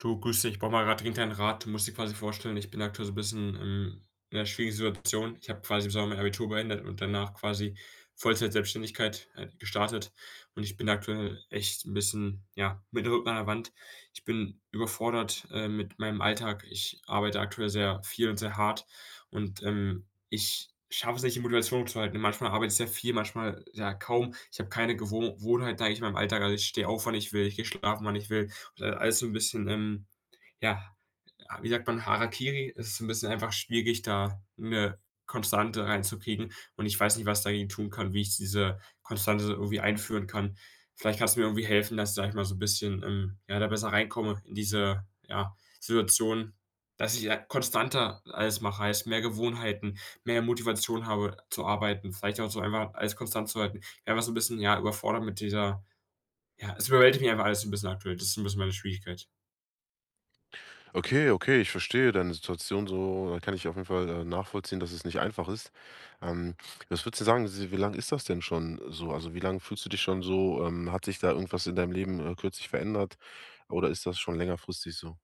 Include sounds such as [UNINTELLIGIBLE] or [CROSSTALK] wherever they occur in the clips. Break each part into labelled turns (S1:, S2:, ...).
S1: Du, grüß dich, brauche mal grad dringend einen Rat. Du musst dir quasi vorstellen: Ich bin aktuell so bisschen im in 'ner schwierigen Situation. Ich habe quasi im Sommer mein Abitur beendet und danach quasi Vollzeitselbstständigkeit, äh, gestartet und ich bin aktuell echt 'n bisschen, ja, mit dem Rücken an 'ner Wand. Ich bin überfordert, äh, mit meinem Alltag. Ich arbeite aktuell sehr viel und sehr hart und, ähm, ich schaffe es nicht, die Motivation zu halten. Manchmal arbeite ich sehr viel, manchmal, ja, kaum. Ich habe keine Gewoh Wohnheit, sage ich mal, in meinem Alltag. Also, ich stehe auf, wann ich will. Ich gehe schlafen, wann ich will und dann alles so 'n bisschen, ähm, ja, wie sagt man, Harakiri. Es ist so 'n bisschen einfach schwierig, da 'ne Konstante reinzukriegen, und ich weiß nicht, was ich dagegen tun kann, wie ich diese Konstante irgendwie einführen kann. Vielleicht kannst du mir irgendwie helfen, dass ich, sage ich mal, so bisschen, ähm, ja, da besser reinkomme in diese, ja, Situation. Dass ich, ja, konstanter alles mache, heißt, mehr Gewohnheiten, mehr Motivation habe zu arbeiten. Vielleicht auch so einmal, alles konstant zu halten. Ja, einfach so bisschen, ja, überfordert mit dieser ja, es überwältigt mich einfach alles so 'n bisschen aktuell. Das ist so 'n bisschen meine Schwierigkeit.
S2: Okay, okay. Ich verstehe deine Situation so, äh, kann ich auf jeden Fall, äh, nachvollziehen, dass es nicht einfach ist. Ähm. Was würdest du sagen, si wie lange ist das denn schon so? Also, wie lange fühlst du dich schon so? Ähm. Hat sich da irgendwas in deinem Leben, äh, kürzlich verändert? Oder ist das schon längerfristig so?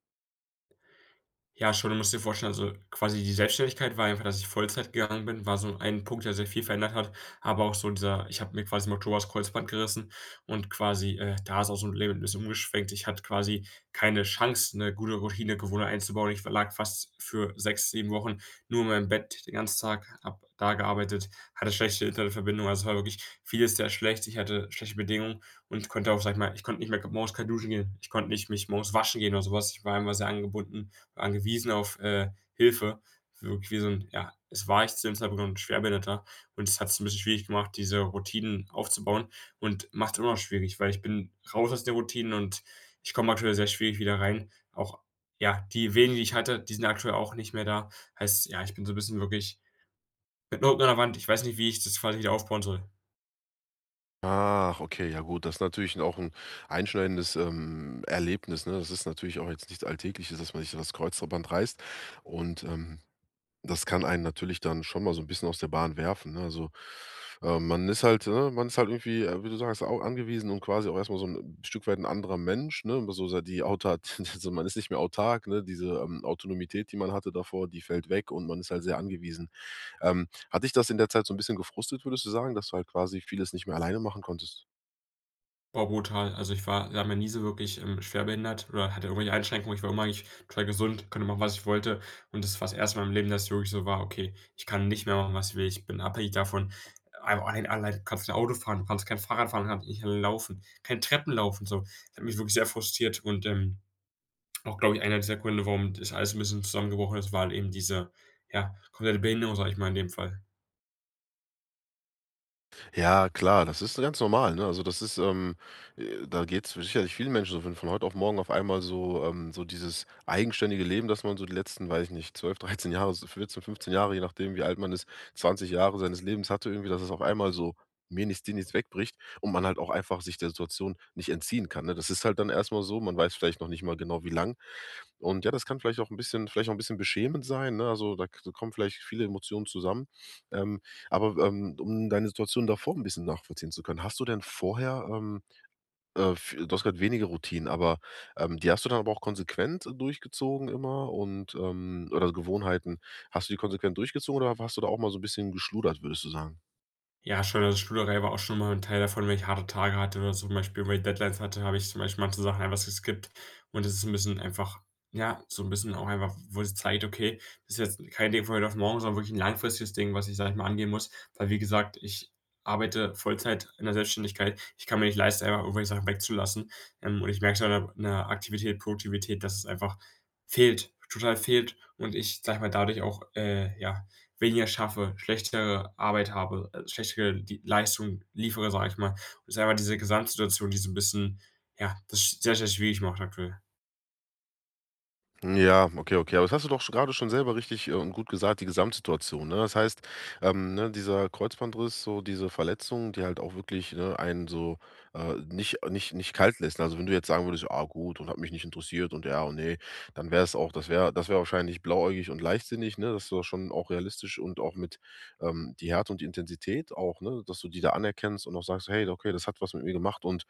S1: Ja, schon, du musst dir vorstellen, also, quasi die Selbstständigkeit war einfach, dass ich Vollzeit gegangen bin, war so ein Punkt, der sehr viel verändert hat, aber auch so dieser ich habe mir quasi im Oktober das Kreuzband gerissen und quasi, äh, da ist aus 'm Leben 'n bisschen umgeschwenkt. Ich hatte quasi keine Chance, 'ne gute Routinegewohnheit einzubauen. Ich verlag fast für 6, 7 Wochen nur in meinem Bett den ganzen Tag, habe da gearbeitet, hatte schlechte Internetverbindung. Also, es war wirklich vieles sehr schlecht. Ich hatte schlechte Bedingungen und konnte auch sage ich mal, ich konnte nicht mehr morgens kein Duschen gehen. Ich konnte nicht mich morgens waschen gehen oder so was. Ich war einfach sehr angebunden, angewiesen auf, äh, Hilfe, wirklich wie so 'n ja, das war ich zu dem Zeitpunkt 'n Schwerbehinderter und es hat's 'n bisschen schwierig gemacht, diese Routinen aufzubauen und macht's immer noch schwierig, weil ich bin raus aus der Routine und ich komme natürlich sehr schwierig wieder rein. Auch ja, die wenigen, die ich hatte, die sind aktuell auch nicht mehr da. Heißt, ja, ich bin so 'n bisschen wirklich mit dem Rücken an der Wand. Ich weiß nicht, wie ich das quasi wieder aufbauen soll.
S2: Ach, okay, ja gut. Das ist natürlich 'n auch 'n einschneidendes, ähm, Erlebnis, ne? Das ist natürlich auch jetzt nichts Alltägliches, dass man sich so das Kreuzband reißt. Und, ähm, das kann einen natürlich dann schon mal so 'n bisschen aus der Bahn werfen, ne? Also, ähm, man ist halt, ne man ist halt irgendwie, äh, wie du sagst, auch angewiesen und quasi auch erst mal so 'n Stück weit 'n anderer Mensch, ne? Also, so sei, die Auta [CHUCKLES] so man ist nicht mehr autark, ne? Diese, ähm, Autonomität, die man hatte davor, die fällt weg und man ist halt sehr angewiesen. Ähm, hat dich das in der Zeit so 'n bisschen gefrustet, würdest du sagen, dass du halt quasi vieles nicht mehr alleine machen konntest?
S1: Boah, brutal. Also, ich war ja, noch nie so wirklich, ähm, schwerbehindert oder hatte irgendwelche Einschränkungen. Ich war immer eigentlich, total gesund, konnte machen, was ich wollte. Und das war's 1. mal im Leben, dass es wirklich so war: „Okay, ich kann nicht mehr machen was ich will. Ich bin abhängig davon, ein ein allein, kannst nicht Auto fahren, du kannst kein Fahrrad fahren, hat nicht laufen, kein Treppen laufen so.“ Das hat mich wirklich sehr frustriert und, ähm, auch, glaube ich, einer dieser Gründe, warum das alles 'n bisschen zusammengebrochen ist, war halt eben diese, ja, komplette Behinderung, sage ich mal, in dem Fall.
S2: Ja klar, das ist so ganz normal, ne? Also, das ist, ähm, äh, da geht's sicherlich vielen Menschen so wenn von heute auf morgen auf einmal so, ähm, so dieses eigenständige Leben, dass man so die letzten, weiß ich nicht, 12, 13 Jahre, so 14, 15 Jahre, je nachdem wie alt man ist, 20 Jahre seines Lebens hatte irgendwie, dass es auf einmal so mir nichts dir nichts wegbricht und man halt auch einfach sich der Situation nicht entziehen kann, ne? Das ist halt dann erst mal so, man weiß vielleicht noch nicht mal genau wie lang. Und ja, das kann vielleicht auch 'n bisschen vielleicht auch 'n bisschen beschämend sein, ne? Also, da k da kommen vielleicht viele Emotionen zusammen, ähm, aber, ähm, um deine Situation davor 'n bisschen nachvollziehen zu können, hast du denn vorher, ähm, äh, f du hast grad weniger Routinen, aber, ähm, die hast du dann aber auch konsequent durchgezogen immer und, ähm oder Gewohnheiten, hast du die konsequent durchgezogen oder wa hast du da auch mal so 'n bisschen geschludert, würdest du sagen?
S1: Ja, schon, also, Studiengang war aber auch schon mal 'n Teil davon, wenn ich harte Tage hatte, wenn man zum Beispiel irgendwelche Deadlines hatte, habe ich zum Beispiel manche Sachen einfach geskipped. Und das ist 'n bisschen einfach ja, so 'n bisschen auch einfach, wo's dir zeigt: „Okay, das ist jetzt kein Ding von heute auf morgen, sondern wirklich 'n langfristiges Ding, was ich, sage ich mal, angehen muss”, weil, wie gesagt, ich arbeite Vollzeit in der Selbstständigkeit. Ich kann mir nicht leisten, einfach irgendwelche Sachen wegzulassen, ähm, und ich merke so an der an der Aktivität, Produktivität, dass es einfach fehlt, total fehlt und ich, sage ich mal, dadurch auch, äh, ja, weniger schaffe, schlechtere Arbeit habe, äh, schlechtere die Leistung liefere, sage ich mal. Ist einfach diese Gesamtsituation, die so 'n bisschen, ja, das sehr, sehr schwierig macht, aktuell.
S2: Ja, okay, okay, aber hast du doch sch grade schon selber richtig und, äh, gut gesagt, die Gesamtsituation, ne? Das heißt, ähm, ne, dieser Kreuzbandriss, so diese Verletzungen, die halt auch wirklich, ne, einen so, äh, nicht nicht nicht kalt lässt. Also, wenn du jetzt sagen würdest: „Ah, gut und hat mich nicht interessiert und ja und ne“, dann wäre es auch das wäre das wäre wahrscheinlich blauäugig und leichtsinnig, ne? Das ist doch schon auch realistisch und auch mit, ähm, die Härte und die Intensität auch, ne, dass du die da anerkennst und auch sagst: „Hey, okay, das hat was mit mir gemacht und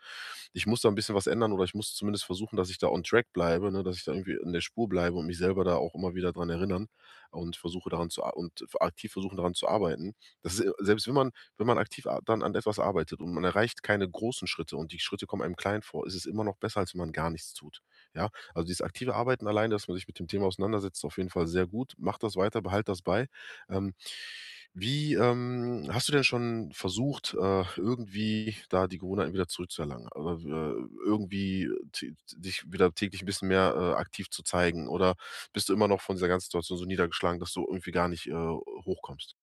S2: ich muss da 'n bisschen was ändern oder ich muss zumindest versuchen, dass ich da on Track bleibe, ne, dass ich da irgendwie in der Spur bleibe und mich selber da auch immer wieder dran erinneren und versuche, daran zu a und v aktiv versuchen, daran zu arbeiten.” Das ist äh, selbst wenn man wenn man aktiv a dann an etwas arbeitet und man erreicht keine großen Schritte und die kommen einem klein vor, es ist immer noch besser, als wenn man gar nichts tut, ja? Also, dieses aktive Arbeiten alleine, dass man sich mit dem Thema auseinandersetzt, ist auf jeden Fall sehr gut. Mache das weiter, behalte das bei, ähm. Wie, ähm hast du denn schon versucht, äh, irgendwie da die Gewohnheiten wieder zurückzuerlangen? [UNINTELLIGIBLE] irgendwie d dich wieder täglich 'n bisschen mehr, äh, aktiv zu zeigen oder bist du immer noch von dieser ganzen Situation so niedergeschlagen, dass du irgendwie gar nicht, äh, hochkommst?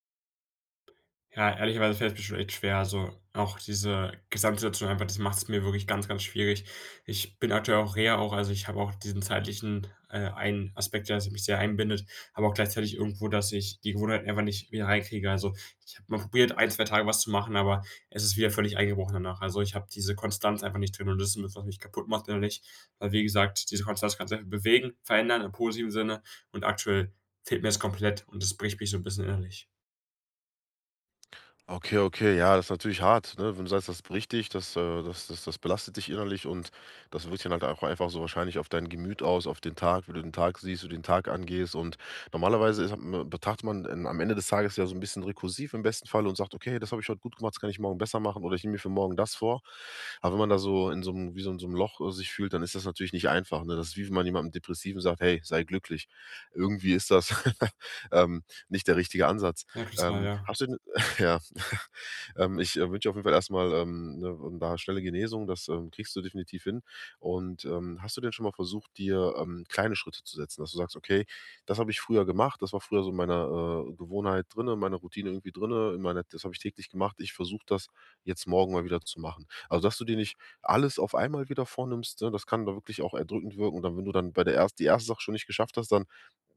S1: Ja, ehrlicherweise fällt es mir schon echt schwer. Also, auch diese Gesamtsituation einfach, das macht's mir wirklich ganz, ganz schwierig. Ich bin aktuell auch in Reha auch. Also, ich habe auch diesen zeitlichen äh, einen Aspekt, der sich mich sehr einbindet, aber auch gleichzeitig irgendwo, dass ich die Gewohnheit einfach nicht wieder reinkriege. Also, ich habe mal probiert, 1, 2 Tage was zu machen, aber es ist wieder völlig eingebrochen danach. Also, ich habe diese Konstanz einfach nicht drin und das ist 'n bisschen, was mich kaputtmacht, innerlich. Weil, wie gesagt, diese Konstanz kannst du einfach bewegen, verändern im positiven Sinne und aktuell fehlt mir das komplett und das bricht mich so 'n bisschen innerlich.
S2: Okay, okay, ja, das ist natürlich hart, ne? Wenn du sagst, das bricht dich das, äh, das das das belastet dich innerlich und das wirkt sich dann halt einfach so wahrscheinlich auf dein Gemüt aus, auf den Tag, wie du den Tag siehst, wie den Tag angehst. Und normalerweise ist hat betrachtet man am Ende des Tages ja so 'n bisschen rekursiv, im besten Fall, und sagt: „Okay, das habe ich heut gut gemacht, das kann ich morgen besser machen oder ich nehme mir für morgen das vor.“ Aber wenn man da so in so 'nem wie so 'n so 'nem Loch sich fühlt, dann ist das natürlich nicht einfach, ne? Das ist, wie wenn man jemandem depressiv sagt: „Hey, sei glücklich.“ Irgendwie ist das [LAUGHS] ähm, nicht der richtige Ansatz.
S1: Zweifelsfrei,
S2: Ähm.
S1: ja.
S2: Hast du denn [SNORTS] ja. [CHUCKLES] Ähm, ich, äh, wünsche auf jeden Fall erst mal, ähm, ne, da schnelle Genesung. Das, ähm, kriegst du definitiv hin. Und, ähm, hast du denn schon mal versucht, dir, ähm, kleine Schritte zu setzen? Dass du sagst: „Okay, das habe ich früher gemacht, das war früher so meine, äh, Gewohnheit drinne, meine Routine irgendwie drinne, in meine das habe ich täglich gemacht. Ich versuche das jetzt morgen mal wieder zu machen.“ Also, dass du dir nicht alles auf einmal wieder vornimmst, ne? Das kann da wirklich auch erdrückend wirken. Und dann wenn du dann bei der erst die 1. Sache schon nicht geschafft hast, dann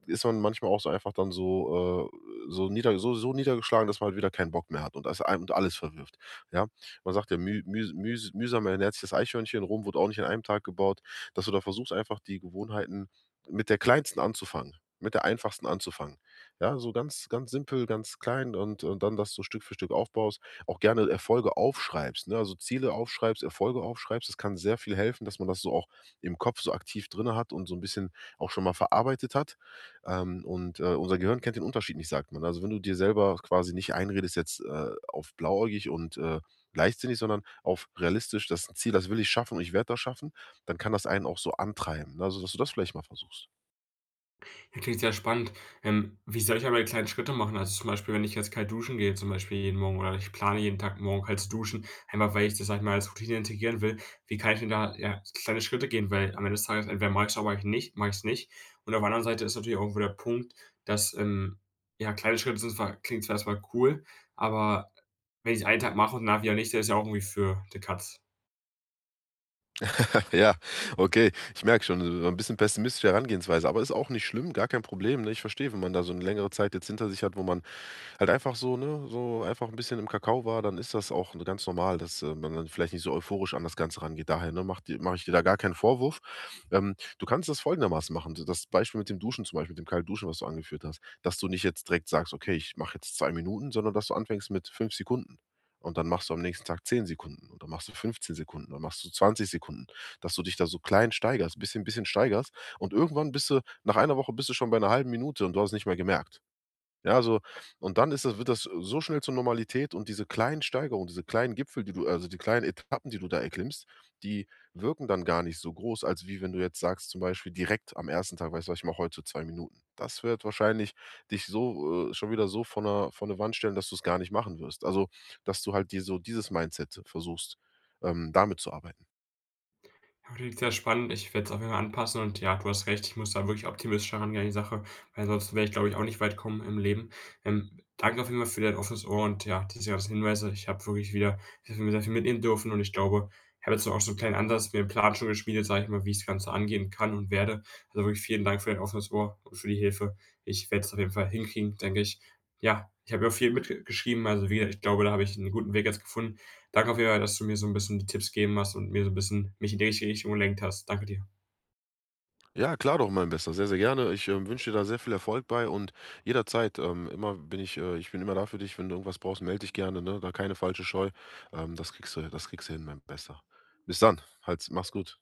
S2: ist man manchmal auch so einfach dann so, äh, so nieder so so niedergeschlagen, dass man halt wieder keinen Bock mehr hat und alles ein und alles verwirft, ja? Man sagt ja: „Müh müh mühs mühsam ernährt sich das Eichhörnchen.“ Rom wurde auch nicht an einem Tag gebaut. Dass du da versuchst, einfach die Gewohnheiten mit der kleinsten anzufangen, mit der einfachsten anzufangen. Ja, so ganz ganz simpel, ganz klein und und dann das Stück für Stück aufbaust, auch gerne Erfolge aufschreibst, ne? Also, Ziele aufschreibst, Erfolge aufschreibst. Es kann sehr viel helfen, dass man das so auch im Kopf so aktiv drinne hat und so 'n bisschen auch schon mal verarbeitet hat. Ähm. Und, äh, unser Gehirn kennt den Unterschied nicht, sagt man. Also, wenn du dir selber quasi nicht einredest jetzt, äh, auf blauäugig und, äh, leichtsinnig, sondern auf realistisch das Ziel: „Das will ich schaffen und ich werde das schaffen“, dann kann das einen auch so antreiben, ne? Also, dass du das vielleicht mal versuchst.
S1: Klingt sehr spannend. Ähm. Wie soll ich aber kleine Schritte machen? Also, zum Beispiel, wenn ich jetzt kalt duschen gehe, zum Beispiel jeden Morgen, oder ich plane, jeden Tag morgen halt zu duschen, einfach weil ich das, sage ich mal, als Routine integrieren will. Wie kann ich denn da, ja, kleine Schritte gehen? Weil am Ende des Tages entweder mache ich es oder mach ich nicht mache ich es nicht. Und auf der anderen Seite ist natürlich auch irgendwo der Punkt, dass, ähm, ja, kleine Schritte sind zwar klingt zwar erst mal cool, aber wenn ich es 1 Tag mache und danach wieder nicht, der ist ja auch irgendwie für die Katz.
S2: [CHUCKLES] Ja, okay. Ich merke schon, so so 'n bisschen pessimistische Herangehensweise, aber ist auch nicht schlimm, gar kein Problem, ne? Ich verstehe, wenn man da so 'ne längere Zeit jetzt hinter sich hat, wo man halt einfach so, ne, so einfach 'n bisschen im Kakao war, dann ist das auch, ne, ganz normal, dass man dann vielleicht nicht so euphorisch an das Ganze rangeht. Daher, ne, mache die mache ich dir da gar keinen Vorwurf. Ähm. Du kannst das folgendermaßen machen: So, das Beispiel mit dem Duschen zum Beispiel, mit dem Kaltduschen, was du angeführt hast, dass du nicht jetzt direkt sagst: „Okay, ich mache jetzt 2 Minuten“, sondern dass du anfängst mit 5 Sekunden. Und dann machst du am nächsten Tag 10 Sekunden. Und dann machst du 15 Sekunden. Dann machst du 20 Sekunden, dass du dich da so klein steigerst, bisschen bisschen steigerst. Und irgendwann bist du nach 1 Woche bist du schon bei 'ner 1/2 Minute und du hast nicht mehr gemerkt. Ja, also, und dann ist das wird das so schnell zur Normalität und diese kleinen Steigerung, diese kleinen Gipfel, die du also, die kleinen Etappen, die du da erklimmst, die wirken dann gar nicht so groß, als wie wenn du jetzt sagst, zum Beispiel direkt am 1. Tag: „Weißt du, was ich mache? Heute 2 Minuten.“ Das wird wahrscheinlich dich so äh, schon wieder so vor 'ner vor 'ne Wand stellen, dass du es gar nicht machen wirst. Also, dass du halt dir so dieses Mindset so versuchst, ähm, damit zu arbeiten.
S1: Ja, klingt sehr spannend. Ich werde es auch auf jeden Fall anpassen und, ja, du hast recht. Ich muss da wirklich optimistischer rangehen an die Sache. Weil ansonsten werde ich, glaube ich, auch nicht weit kommen im Leben. Ähm. Danke vielmals für dein offenes Ohr und, ja, diese ganzen Hinweise. Ich habe wirklich wieder ich habe mir wieder viel mitnehmen dürfen und ich glaube, ich habe jetzt auch so 'n kleinen Ansatz mir 'n Plan schon geschmiedet, sage ich mal, wie ich das Ganze angehen kann und werde. Also, wirklich vielen Dank für dein offenes Ohr und für die Hilfe. Ich werde es auf jeden Fall hinkriegen, denke ich. Ja, ich habe ja auch viel mitge geschrieben, also wieder. Ich glaube, da habe ich 'n guten Weg jetzt gefunden. Danke auf jeden Fall, dass du mir so 'n bisschen die Tipps gegeben hast und mir so 'n bisschen mich in die richtige Richtung gelenkt hast. Danke dir.
S2: Ja, klar doch, mein Bester. Sehr, sehr gerne. Ich, ähm, wünsche dir da sehr viel Erfolg bei. Und jederzeit ähm, immer bin ich äh, ich bin immer da für dich. Wenn du irgendwas brauchst, melde dich gerne, ne? Da keine falsche Scheu. Ähm, das kriegst du ähm, ja, das kriegst du hin, mein Bester. Bis dann. Halt's mach's gut.